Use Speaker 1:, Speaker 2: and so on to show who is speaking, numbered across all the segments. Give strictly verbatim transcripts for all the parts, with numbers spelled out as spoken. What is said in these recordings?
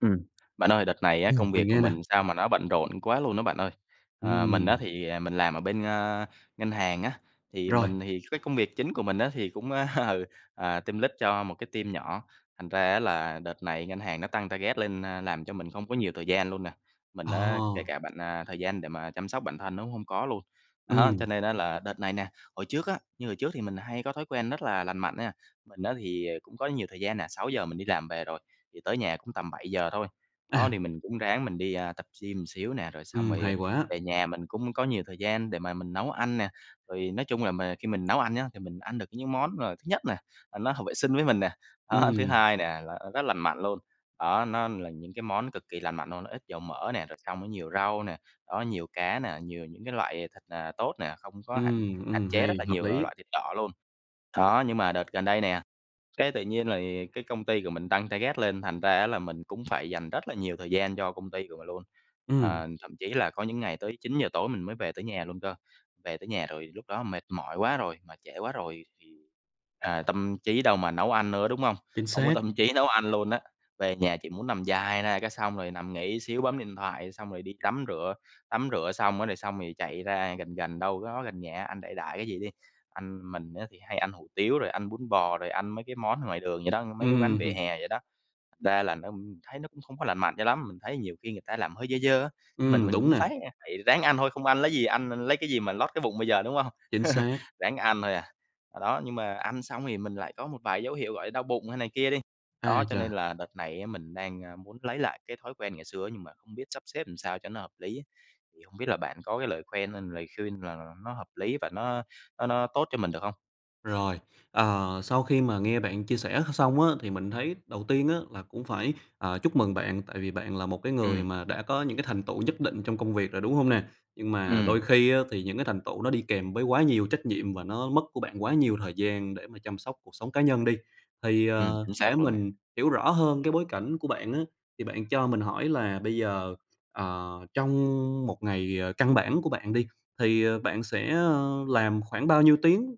Speaker 1: Ừm, bạn ơi đợt này á
Speaker 2: Ừm,
Speaker 1: công việc
Speaker 2: mình
Speaker 1: của
Speaker 2: nghe nè.
Speaker 1: mình sao mà nó bận rộn quá luôn á bạn ơi. Ờ, mình á
Speaker 2: Ừm.
Speaker 1: thì, ờ, mình làm ở bên, ơ, ngân hàng á, thì
Speaker 2: Rồi.
Speaker 1: mình thì cái công việc chính của mình á, thì cũng, ơ, ừ, ờ, tim lích cho một cái team nhỏ. Thành ra á là đợt này ngân hàng nó tăng target lên, a, làm cho mình không có nhiều thời gian luôn nè, mình á kể
Speaker 2: À!
Speaker 1: cả bạn, à, thời gian để mà chăm sóc bản thân nó cũng hông có luôn. Đó,
Speaker 2: Ừm.
Speaker 1: cho nên á là đợt này nè hồi trước á như hồi trước thì mình hay có thói quen rất là lành mạnh nha, mình á thì, ờ, cũng có nhiều thời gian nè, sáu giờ mình đi làm về rồi, thì tới nhà cũng tầm bảy giờ thôi. Đó,
Speaker 2: À.
Speaker 1: thì mình cũng ráng mình đi, a, tập gym một xíu nè, rồi xong
Speaker 2: Ừm,
Speaker 1: rồi, ờ,
Speaker 2: hay quá.
Speaker 1: về nhà mình cũng có nhiều thời gian để mà mình nấu ăn nè, rồi nói chung là mà khi mình nấu ăn nhá, thì mình ăn được những món, ờ, thứ nhất nè, là nó hợp vệ sinh với mình nè. Đó, thứ
Speaker 2: Ừm.
Speaker 1: hai nè là rất lành mạnh luôn, đó, nó là những cái món cực kỳ lành mạnh luôn, nó ít dầu mỡ nè, rồi xong nó nhiều rau nè, đó, nhiều cá nè, nhiều những cái loại, à, thịt, ờ, tốt nè, không có hạn
Speaker 2: Ừm,
Speaker 1: hạn
Speaker 2: ừm,
Speaker 1: chế
Speaker 2: hay,
Speaker 1: rất là
Speaker 2: hợp
Speaker 1: nhiều l
Speaker 2: lý.
Speaker 1: loại thịt đỏ luôn. Đó, nhưng mà đợt gần đây nè, cái tự nhiên lì cái công ty của mình tăng target lên, thành ra á là mình cũng phải dành rất là nhiều thời gian cho công ty của mình luôn.
Speaker 2: Ừm.
Speaker 1: Ờ, thậm chí là có những ngày tới chín giờ tối mình mới về tới nhà luôn cơ, về tới nhà rồi lúc đó mệt mỏi quá rồi, mà trễ quá rồi thì, à, tâm trí đâu mà nấu ăn nữa, đúng hông?
Speaker 2: Chính
Speaker 1: Hông có
Speaker 2: xác.
Speaker 1: tâm trí nấu ăn luôn á, về nhà chỉ muốn nằm dài ra cái xong rồi nằm nghỉ xíu bấm điện thoại, xong rồi đi tắm rửa, tắm rửa xong á, rồi xong rồi chạy ra gần gần, đâu đó gần nhà ăn đại đại cái gì đi. Ăn mình á thì hay ăn hủ tiếu, rồi ăn bún bò, rồi ăn mấy cái món ngoài đường vậy đó, mấy cái quán vỉa
Speaker 2: Ừm.
Speaker 1: hè vậy đó. Ra là nó thấy nó cũng không có lành mạnh cho lắm, mình thấy nhiều khi người ta làm hơi dơ dơ á, mình
Speaker 2: Ừm,
Speaker 1: mình
Speaker 2: đúng
Speaker 1: cũng
Speaker 2: nà.
Speaker 1: phái, a phải ráng ăn thôi, không ăn lấy gì ăn l lấy cái gì mà lót cái bụng bây giờ, đúng hông?
Speaker 2: Chính xác.
Speaker 1: Ráng ăn thôi à. Đó, nhưng mà ăn xong thì mình lại có một vài dấu hiệu gọi đau bụng hay này kia đi. Đó,
Speaker 2: Ái
Speaker 1: cho nên
Speaker 2: chà.
Speaker 1: là đợt này á mình đang, a, muốn lấy lại cái thói quen ngày xưa nhưng mà hông biết sắp xếp làm sao cho nó hợp lý, thì hông biết là bạn có cái lời khoen hay lời khuyên nào nó hợp lý, và nó nó nó tốt cho mình được hông?
Speaker 2: Rồi, ờ, sau khi mà nghe bạn chia sẻ x xong á thì mình thấy đầu tiên á là cũng phải, à, chúc mừng bạn, tại vì bạn là một cái người
Speaker 1: Ừm.
Speaker 2: mà đã có những cái thành tựu nhất định trong công việc rồi, đúng hông nè? Nhưng mà đôi
Speaker 1: Ừm.
Speaker 2: khi á thì những cái thành tựu nó đi kèm với quá nhiều trách nhiệm và nó mất của bạn quá nhiều thời gian để mà chăm sóc cuộc sống cá nhân đi. Thì,
Speaker 1: Ừm,
Speaker 2: ờ,
Speaker 1: chính
Speaker 2: để
Speaker 1: xác luôn nè.
Speaker 2: mình hiểu rõ hơn cái bối cảnh của bạn á, thì bạn cho mình hỏi là bây giờ, ờ, trong một ngày, ờ, căn bản của bạn đi, thì bạn sẽ, ờ, làm khoảng bao nhiêu tiếng?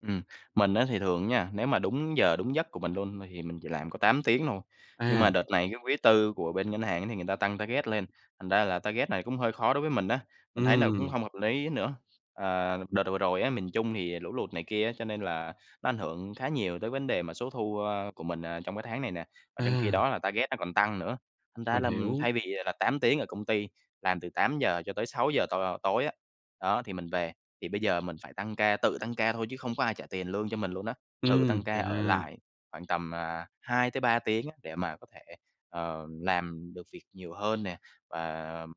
Speaker 1: Ừm, mình á thì thường nha, nếu mà đúng giờ đúng giấc của mình luôn thì mình chỉ làm có tám tiếng thôi. Nhưng mà
Speaker 2: À.
Speaker 1: đợt này cái quý tư của bên ngân hàng á, thì người ta tăng target lên, thành ra là target này cũng hơi khó đối với mình á, mình thấy nó cũng
Speaker 2: Ừm.
Speaker 1: hông hợp lý nữa. Ờ, đợt vừa rồi á, miền Trung thì lũ lụt này kia á, cho nên là nó ảnh hưởng khá nhiều tới vấn đề mà số thu, ờ, của mình, ờ, trong cái tháng này nè, mà trong khi
Speaker 2: À.
Speaker 1: đó là target nó còn tăng nữa, thành ra
Speaker 2: Mình
Speaker 1: là, ừm,
Speaker 2: hiểu.
Speaker 1: thay vì là tám tiếng ở công ty, làm từ tám giờ cho tới sáu giờ t tối á, đó, thì mình về. Thì bây giờ mình phải tăng ca, tự tăng ca thôi chứ không có ai trả tiền lương cho mình luôn á. Tự
Speaker 2: Ừm,
Speaker 1: tăng ca ở
Speaker 2: chà!
Speaker 1: lại khoảng tầm, ờ, hai tới ba tiếng á để mà có thể, ờ, làm được việc nhiều hơn nè, và,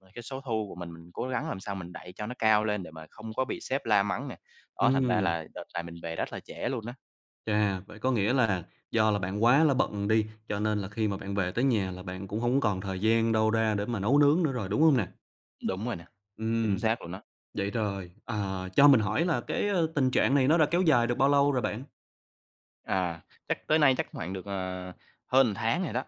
Speaker 1: ờ, cái số thu của mình, mình cố gắng làm sao mình đẩy cho nó cao lên để mà không có bị sếp la mắng nè, đó, thành ra
Speaker 2: Ừm.
Speaker 1: là đợt này mình về rất là trễ luôn á.
Speaker 2: Chà, vậy có nghĩa là do là bạn quá là bận đi, cho nên là khi mà bạn về tới nhà là bạn cũng hông còn thời gian đâu ra để mà nấu nướng nữa rồi, đúng hông nè?
Speaker 1: Đúng rồi nè, chính
Speaker 2: Ừm,
Speaker 1: xác luôn á.
Speaker 2: vậy rồi, ờ, cho mình hỏi là cái, ơ, tình trạng này nó đã kéo dài được bao lâu rồi bạn?
Speaker 1: À, chắc tới nay chắc hoảng được, ờ, hơn ừn tháng rồi đó.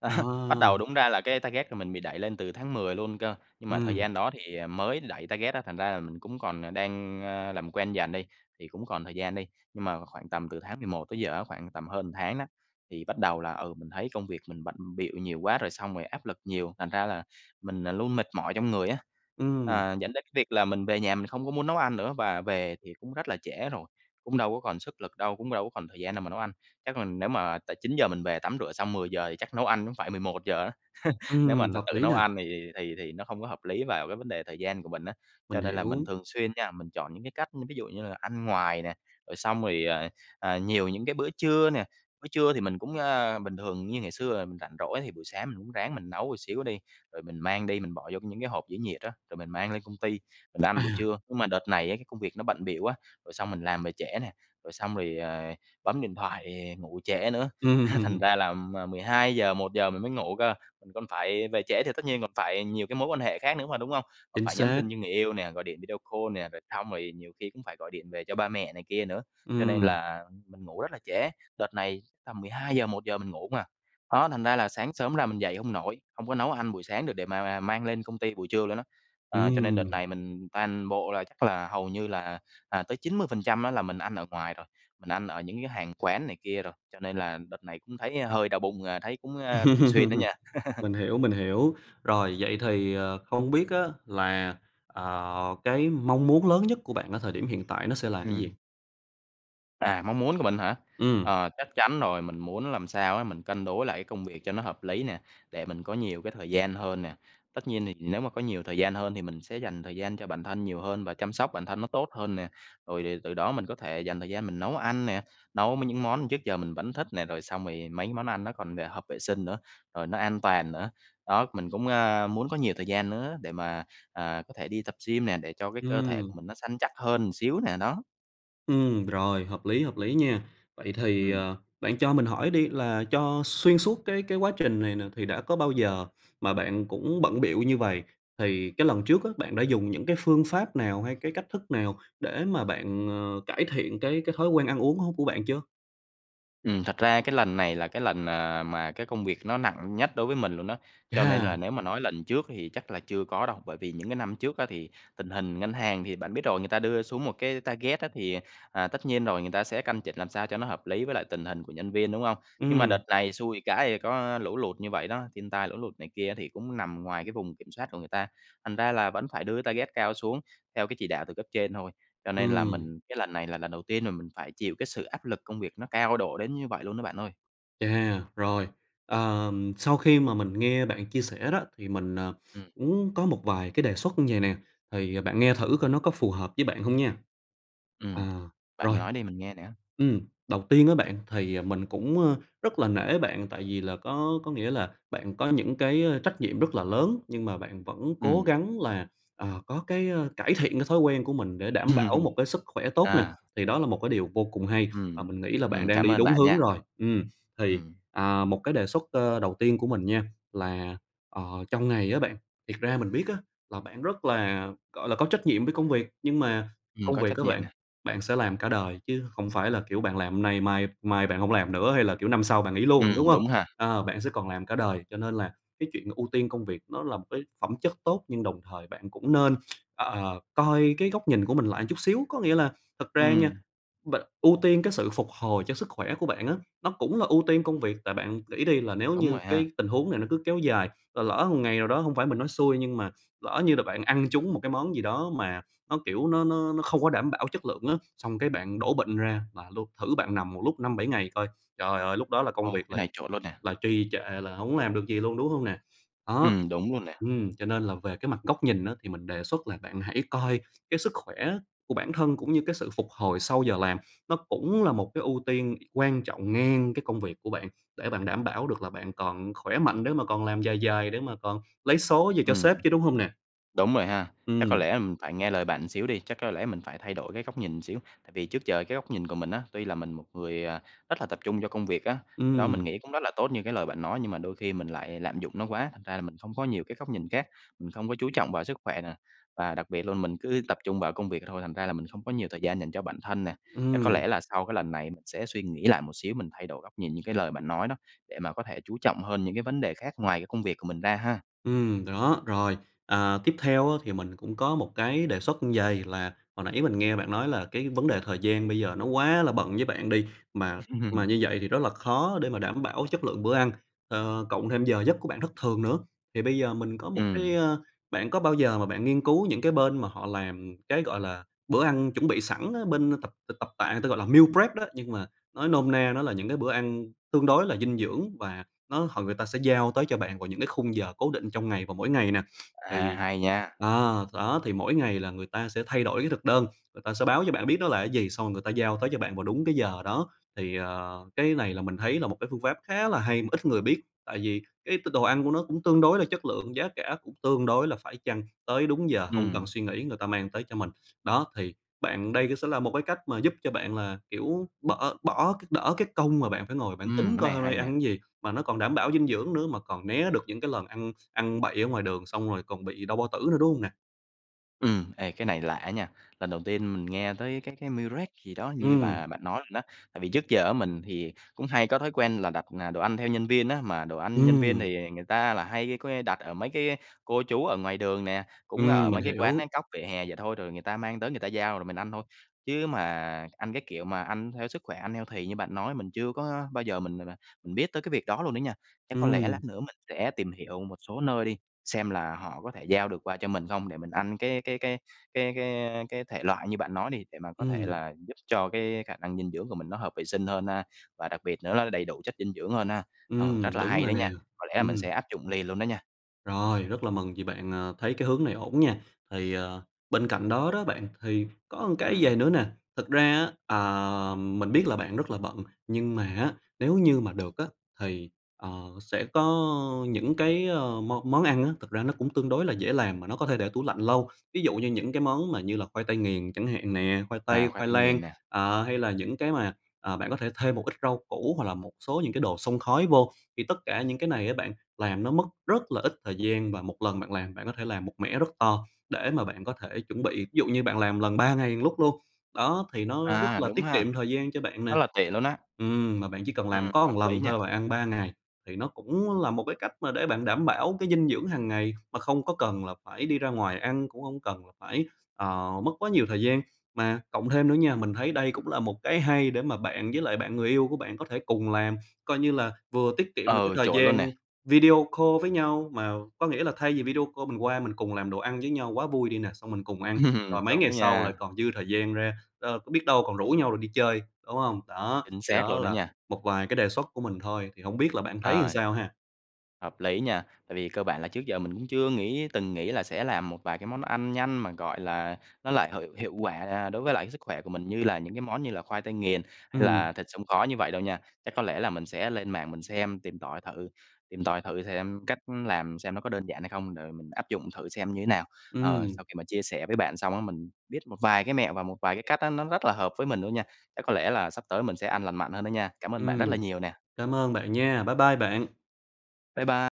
Speaker 1: Đó, bắt đầu
Speaker 2: À.
Speaker 1: đúng ra là cái target của mình bị đẩy lên từ tháng mười luôn cơ, nhưng mà thời
Speaker 2: Ừm.
Speaker 1: gian đó thì, ờ, mới đẩy target á thành ra là mình cũng còn, ờ, đang, ơ, làm quen dần đi, thì cũng còn thời gian đi. Nhưng mà khoảng tầm từ tháng mười một tới giờ á, khoảng tầm hơn ừn tháng á, thì bắt đầu là, ừ, mình thấy công việc mình bận bịu nhiều quá rồi xong rồi áp lực nhiều, thành ra là mình, ờ, luôn mệt mỏi trong người á.
Speaker 2: Ừm.
Speaker 1: Ờ, dẫn đến cái việc là mình về nhà mình không có muốn nấu ăn nữa và về thì cũng rất là trễ rồi, cũng đâu có còn sức lực đâu, cũng đâu có còn thời gian nào mà nấu ăn. Chắc mình nếu mà tại chín giờ mình về tắm rửa xong mười giờ, thì chắc nấu ăn ữm phải mười một giờ á, nếu mà
Speaker 2: Ừm,
Speaker 1: nà
Speaker 2: hợp
Speaker 1: tự
Speaker 2: lý
Speaker 1: nấu
Speaker 2: nè.
Speaker 1: ăn thì thì thì thì nó hông có hợp lý vào cái vấn đề thời gian của mình á. Cho
Speaker 2: Mình
Speaker 1: nên là mình
Speaker 2: hiểu.
Speaker 1: thường xuyên nha, mình chọn những cái cách, ư, ví dụ như là ăn ngoài nè, rồi xong rồi, ờ, ờ, nhiều những cái bữa trưa nè, bữa trưa thì mình cũng ơ, bình thường như ngày xưa là mình rảnh rỗi thì buổi sáng mình ũm ráng mình nấu ừn xíu đi. Rồi mình mang đi mình bỏ vô những cái hộp giữ nhiệt á, rồi mình mang lên công ty, mình ăn buổi
Speaker 2: À.
Speaker 1: trưa. Nhưng mà đợt này á cái công việc nó bận bịu quá, rồi xong mình làm về trễ nè, rồi xong rồi, ờ, bấm điện thoại, ngủ trễ nữa, há thành
Speaker 2: Ừm.
Speaker 1: ra là m mười hai giờ một giờ mình mới ngủ cơ, mình còn phải về trễ thì tất nhiên còn phải nhiều cái mối quan hệ khác nữa mà, đúng hông? Còn
Speaker 2: Chính
Speaker 1: phải nhắn
Speaker 2: xác.
Speaker 1: tin với người yêu nè, gọi điện video call nè, rồi xong rồi nhiều khi cũng phải gọi điện về cho ba mẹ này kia nữa, cho nên
Speaker 2: Ừm.
Speaker 1: là mình ngủ rất là trễ, đợt này tầm mười hai giờ, một giờ mình ngủ hông à. Đó thành ra là sáng sớm ra mình dậy hông nổi, hông có nấu ăn buổi sáng được để mà mà mang lên công ty buổi trưa luôn á. À, cho nên đợt
Speaker 2: Ừm.
Speaker 1: này mình toàn bộ là chắc là hầu như là, à, tới chín mươi phần trăm á là mình ăn ở ngoài rồi, mình ăn ở những cái hàng quán này kia rồi, cho nên là đợt này cũng thấy hơi đau bụng, à, thấy cũng, a, thường xuyên
Speaker 2: Ừm.
Speaker 1: đó nha.
Speaker 2: Mình hiểu, mình hiểu. Rồi vậy thì, ờ, không biết á là, ờ, cái mong muốn lớn nhất của bạn ở thời điểm hiện tại nó sẽ là gì?
Speaker 1: Ừm. À, mong muốn của mình hả?
Speaker 2: Ừm.
Speaker 1: Ờ, chắc chắn rồi mình muốn làm sao á, mình cân đối lại cái công việc cho nó hợp lý nè, để mình có nhiều cái thời gian hơn nè. Tất nhiên thì nếu mà có nhiều thời gian hơn thì mình sẽ dành thời gian cho bản thân nhiều hơn và chăm sóc bản thân nó tốt hơn nè. Rồi thì từ đó mình có thể dành thời gian mình nấu ăn nè, nấu m những món trước giờ mình vẫn thích nè, rồi xong rồi mấy cái món ăn nó còn, ờ, hợp vệ sinh nữa, rồi nó an toàn nữa. Đó mình cũng, a, muốn có nhiều thời gian nữa để mà, ờ, có thể đi tập gym nè, để cho cái cơ thể
Speaker 2: Ừm.
Speaker 1: của mình nó săn chắc hơn xíu nè, đó.
Speaker 2: Ừm, rồi, hợp lý, hợp lý nha. Vậy thì,
Speaker 1: Ừm.
Speaker 2: ờ, bạn cho mình hỏi đi là cho xuyên suốt cái cái quá trình này nè thì đã có bao giờ mà bạn cũng bận bịu như vầy? Thì cái lần trước á, bạn đã dùng những cái phương pháp nào hay cái cách thức nào để mà bạn, ờ, cải thiện cái cái thói quen ăn uống hông của bạn chưa?
Speaker 1: Ừm, thật ra cái lần này là cái lần, ờ, mà cái công việc nó nặng nhất đối với mình luôn đó, cho nên là
Speaker 2: Chà.
Speaker 1: nếu mà nói lần trước thì chắc là chưa có đâu. Bởi vì những cái năm trước á thì, tình hình ngân hàng thì bạn biết rồi, người ta đưa xuống một cái target á thì, à, tất nhiên rồi người ta sẽ căn chỉnh làm sao cho nó hợp lý với lại tình hình của nhân viên, đúng không? Nhưng mà
Speaker 2: Ừm.
Speaker 1: đợt này xui cái có lũ lụt như vậy đó, thiên tai lũ lụt này kia thì cũng nằm ngoài cái vùng kiểm soát của người ta, thành ra là vẫn phải đưa cái target cao xuống theo cái chỉ đạo từ cấp trên thôi. Cho nên là
Speaker 2: Ừm.
Speaker 1: mình cái lần này là lần đầu tiên mà mình phải chịu cái sự áp lực công việc nó cao độ đến như vậy luôn đó bạn ơi.
Speaker 2: Chà! Rồi, ờm, sau khi mà mình nghe bạn chia sẻ đó thì mình, ờ,
Speaker 1: Ừm.
Speaker 2: uốn có một vài cái đề xuất như vầy nè, thì, à, bạn nghe thử coi nó
Speaker 1: Ừm.
Speaker 2: có phù hợp với bạn hông nha.
Speaker 1: Ừm,
Speaker 2: À,
Speaker 1: bạn
Speaker 2: rồi
Speaker 1: nói đi mình nghe nè.
Speaker 2: ừm, đầu tiên á bạn thì, à, mình cũng, ơ, rất là nể bạn tại vì là có có nghĩa là bạn có những cái, ơ, trách nhiệm rất là lớn, nhưng mà bạn vẫn cố
Speaker 1: Ừm.
Speaker 2: gắng là, ờ, có cái, ơ, cải thiện cái thói quen của mình để đảm bảo một cái sức khỏe tốt nè,
Speaker 1: À.
Speaker 2: thì đó là một cái điều vô cùng hay, và
Speaker 1: Ừm,
Speaker 2: mình nghĩ là bạn
Speaker 1: ừm,
Speaker 2: đang
Speaker 1: cảm
Speaker 2: đi
Speaker 1: ơn
Speaker 2: đúng
Speaker 1: bạn
Speaker 2: hướng
Speaker 1: nha,
Speaker 2: rồi. Ừm, thì,
Speaker 1: ừm.
Speaker 2: à, một cái đề xuất, ơ, đầu tiên của mình nha, là, ờ, trong ngày á bạn, thiệt ra mình biết á, là bạn rất là, gọi là, có trách nhiệm với công việc, nhưng mà
Speaker 1: Ừm,
Speaker 2: công
Speaker 1: có
Speaker 2: việc
Speaker 1: trách
Speaker 2: á
Speaker 1: nhiệm
Speaker 2: bạn,
Speaker 1: nè.
Speaker 2: bạn sẽ làm cả đời chứ không phải là, kiểu, bạn làm hôm nay, mai mai bạn hổng làm nữa, hay là, kiểu, năm sau bạn nghỉ luôn, đúng
Speaker 1: Ừm,
Speaker 2: hông?
Speaker 1: đúng ha.
Speaker 2: Ờ, bạn sẽ còn làm cả đời, cho nên là cái chuyện ưu tiên công việc nó là một cái phẩm chất tốt, nhưng đồng thời bạn cũng nên, ơ, ờ, coi cái góc nhìn của mình lại chút xíu, có nghĩa là thật ra nha,
Speaker 1: Ừm.
Speaker 2: b ưu tiên cái sự phục hồi cho sức khỏe của bạn á, nó cũng là ưu tiên công việc. Tại bạn nghĩ đi là nếu
Speaker 1: Đúng
Speaker 2: như
Speaker 1: rồi ha.
Speaker 2: cái tình huống này nó cứ kéo dài, rồi lỡ một ngày nào đó, hông phải mình nói xui, nhưng mà lỡ như là bạn ăn trúng một cái món gì đó mà nó, kiểu, nó nó nó không có đảm bảo chất lượng á, xong cái bạn đổ bệnh ra là luôn, thử bạn nằm một lúc năm bảy ngày coi, trời ơi, lúc đó là công
Speaker 1: Ồ,
Speaker 2: việc
Speaker 1: cái
Speaker 2: là
Speaker 1: này chuẩn luôn nè.
Speaker 2: là trì trệ, là hổng làm được gì luôn, đúng hông nè? Ó.
Speaker 1: Ừm, đúng luôn nè.
Speaker 2: Ừm, cho nên là về cái mặt góc nhìn á thì mình đề xuất là bạn hãy coi cái sức khỏe của bản thân cũng như cái sự phục hồi sau giờ làm, nó cũng là một cái ưu tiên quan trọng ngang cái công việc của bạn, để bạn đảm bảo được là bạn còn khỏe mạnh để mà còn làm dài dài, để mà còn lấy số về cho
Speaker 1: Ừm,
Speaker 2: sếp chứ, đúng hông nè?
Speaker 1: đúng rồi ha, chắc có
Speaker 2: Ừm.
Speaker 1: lẽ, ừm, phải nghe lời bạn ừn xíu đi, chắc có lẽ mình phải thay đổi cái góc nhìn xíu, tại vì trước giờ cái góc nhìn của mình á, tuy là mình một người, à, rất là tập trung cho công việc á, cái đó mình
Speaker 2: Ừm.
Speaker 1: nghĩ cũng rất là tốt như cái lời bạn nói. Nhưng mà đôi khi mình lại lạm dụng nó quá, thành ra là mình không có nhiều cái góc nhìn khác, mình không có chú trọng vào sức khỏe nè, và đặc biệt luôn mình cứ tập trung vào công việc thôi, thành ra là mình không có nhiều thời gian dành cho bản thân nè. Chắc có
Speaker 2: Ừm.
Speaker 1: lẽ là sau cái lần này mình sẽ suy nghĩ lại một xíu, mình thay đổi góc nhìn như cái lời bạn nói đó, để mà có thể chú trọng hơn những cái vấn đề khác ngoài cái công việc của mình ra ha.
Speaker 2: Ừm, đó, rồi. À, tiếp theo á thì mình cũng có một cái đề xuất như vầy, là hồi nãy mình nghe bạn nói là cái vấn đề thời gian bây giờ nó quá là bận với bạn đi, mà mà như vậy thì rất là khó để mà đảm bảo chất lượng bữa ăn, ờ, cộng thêm giờ giấc của bạn thất thường nữa. Thì bây giờ mình có một
Speaker 1: Ừm.
Speaker 2: cái a, bạn có bao giờ mà bạn nghiên cứu những cái bên mà họ làm cái, gọi là, bữa ăn chuẩn bị sẵn á, bên, ơ, tập t tập tạ người ta gọi là meal prep đó, nhưng mà nói nôm na nó là những cái bữa ăn tương đối là dinh dưỡng, và nó hồi người ta sẽ giao tới cho bạn vào những cái khung giờ cố định trong ngày vào mỗi ngày nè.
Speaker 1: À,
Speaker 2: Thì
Speaker 1: hay nha.
Speaker 2: ờ, đó thì mỗi ngày là người ta sẽ thay đổi cái thực đơn, người ta sẽ báo cho bạn biết đó là cái gì, xong rồi người ta giao tới cho bạn vào đúng cái giờ đó. Thì, ờ, cái này là mình thấy là một cái phương pháp khá là hay mà ít người biết, tại vì cái t đồ ăn của nó cũng tương đối là chất lượng, giá cả cũng tương đối là phải chăng, tới đúng giờ hông cần
Speaker 1: Ừm.
Speaker 2: suy nghĩ người ta mang tới cho mình. Đó, thì bạn đây cái sẽ là một cái cách mà giúp cho bạn là, kiểu, bỡ bỏ cái đỡ cái công mà bạn phải ngồi bạn
Speaker 1: Ừm,
Speaker 2: tính
Speaker 1: cái
Speaker 2: coi
Speaker 1: này
Speaker 2: hôm nay
Speaker 1: hay
Speaker 2: cái
Speaker 1: nè.
Speaker 2: ăn gì, mà nó còn đảm bảo dinh dưỡng nữa, mà còn né được những cái lần ăn ăn bậy ở ngoài đường xong rồi còn bị đau bao tử nữa, đúng hông nè?
Speaker 1: Ừm, ê, cái này lạ á nha! Lần đầu tiên mình nghe tới cái cái meal prep gì đó như
Speaker 2: Ừm.
Speaker 1: mà bạn nói luôn đó. Tại vì trước giờ á mình thì cũng hay có thói quen là đặt, ờ, đồ ăn theo nhân viên á, mà đồ ăn nhân viên
Speaker 2: Ừm.
Speaker 1: thì người ta là hay, có nghĩa, đặt ở mấy cái cô chú ở ngoài đường nè, cũng
Speaker 2: Ừm,
Speaker 1: ở
Speaker 2: mình
Speaker 1: mấy cái quán
Speaker 2: hiểu.
Speaker 1: cóc vỉa hè vậy thôi, rồi người ta mang tới người ta giao rồi mình ăn thôi. Chứ mà ăn cái kiểu mà ăn theo sức khỏe ăn healthy như bạn nói mình chưa có bao giờ mình m mà mình biết tới cái việc đó luôn đó nha. Chắc có lẽ
Speaker 2: Ừm.
Speaker 1: lát nữa mình sẽ tìm hiểu một số nơi đi, xem là họ có thể giao được qua cho mình không để mình ăn cái cái cái cái cái cái thể loại như bạn nói đi, để mà có thể
Speaker 2: Ừm.
Speaker 1: là giúp cho cái khả năng dinh dưỡng của mình nó hợp vệ sinh hơn ha. Và đặc biệt nữa nó đầy đủ chất dinh dưỡng hơn ha. Ờ,
Speaker 2: Ừm,
Speaker 1: rất là
Speaker 2: đúng
Speaker 1: hay
Speaker 2: rồi
Speaker 1: đó
Speaker 2: nè,
Speaker 1: nha, có lẽ là mình sẽ
Speaker 2: ừm.
Speaker 1: áp dụng liền luôn đó nha.
Speaker 2: Rồi, rất là mừng vì bạn, à, thấy cái hướng này ổn nha. Thì, ờ, bên cạnh đó đó bạn, thì có một cái vậy
Speaker 1: Ừm.
Speaker 2: nữa nè, thực ra á, ờ, mình biết là bạn rất là bận nhưng mà á, nếu như mà được á thì, ờ, sẽ có những cái, ờ, món món ăn á, thực ra nó cũng tương đối là dễ làm mà nó có thể để tủ lạnh lâu. Ví dụ như những cái món mà là khoai tây nghiền chẳng hạn nè, khoai tây,
Speaker 1: À, khoai
Speaker 2: khoai
Speaker 1: tây
Speaker 2: lang,
Speaker 1: nghiền nè.
Speaker 2: à, hay là những cái mà, à, bạn có thể thêm một ít rau củ hoặc là một số những cái đồ xông khói vô. Thì tất cả những cái này á bạn, làm nó mất rất là ít thời gian, và một lần bạn làm, bạn có thể làm một mẻ rất to để mà bạn có thể chuẩn bị. Ví dụ như bạn làm một lần ba ngày một lúc luôn, đó thì nó rất
Speaker 1: À,
Speaker 2: là
Speaker 1: đúng
Speaker 2: tiết
Speaker 1: ha.
Speaker 2: kiệm thời gian cho bạn
Speaker 1: Rất
Speaker 2: nè.
Speaker 1: là tiện luôn á.
Speaker 2: Ừm, mà bạn chỉ cần làm
Speaker 1: Ừm,
Speaker 2: có
Speaker 1: hợp
Speaker 2: một
Speaker 1: lý
Speaker 2: lần
Speaker 1: nhỉ?
Speaker 2: thôi là bạn ăn ba ngày thì nó cũng là một cái cách mà để bạn đảm bảo cái dinh dưỡng hàng ngày mà không có cần là phải đi ra ngoài ăn, cũng không cần là phải, ờ, mất quá nhiều thời gian. Mà cộng thêm nữa nha, mình thấy đây cũng là một cái hay để mà bạn với lại bạn người yêu của bạn có thể cùng làm coi như như là vừa tiết kiệm được cái
Speaker 1: Ừ,
Speaker 2: thời
Speaker 1: chổi luôn
Speaker 2: gian
Speaker 1: nè.
Speaker 2: video call với nhau, mà có nghĩa là thay vì video call mình qua mình cùng làm đồ ăn với nhau quá, vui đi nè. Xong mình cùng ăn, rồi
Speaker 1: Ừm.
Speaker 2: mấy ngày
Speaker 1: Đúng
Speaker 2: sau là
Speaker 1: nha.
Speaker 2: còn dư thời gian ra, ờ, biết đâu còn rủ nhau rồi đi chơi, đúng không? Đó,
Speaker 1: Chính
Speaker 2: thì
Speaker 1: xác
Speaker 2: đó
Speaker 1: luôn á
Speaker 2: là
Speaker 1: nha.
Speaker 2: một vài cái đề xuất của mình thôi, thì hông biết là bạn thấy làm
Speaker 1: Ờ.
Speaker 2: sao ha?
Speaker 1: Hợp lý nha. Tại vì cơ bản là trước giờ mình cũng chưa nghĩ từng nghĩ là sẽ làm một vài cái món ăn nhanh mà, gọi là, nó lại hợi hiệu quả đối với lại cái sức khỏe của mình như là những cái món như là khoai tây nghiền hay là
Speaker 2: Ừm.
Speaker 1: thịt xông khói như vậy đâu nha. Chắc có lẽ là mình sẽ lên mạng mình xem tìm tọi thử tìm tòi thử xem cách làm xem nó có đơn giản hay không, rồi mình áp dụng thử xem như thế nào. Ờ,
Speaker 2: Ừm.
Speaker 1: sau khi mà chia sẻ với bạn xong á mình biết một vài cái mẹo và một vài cái cách á nó rất là hợp với mình luôn nha. Chắc có lẽ là sắp tới mình sẽ ăn lành mạnh hơn đó nha. Cảm ơn bạn rất là
Speaker 2: Ừm,
Speaker 1: nhiều nè!
Speaker 2: cảm ơn bạn nha, bye bye bạn!
Speaker 1: Bye bye.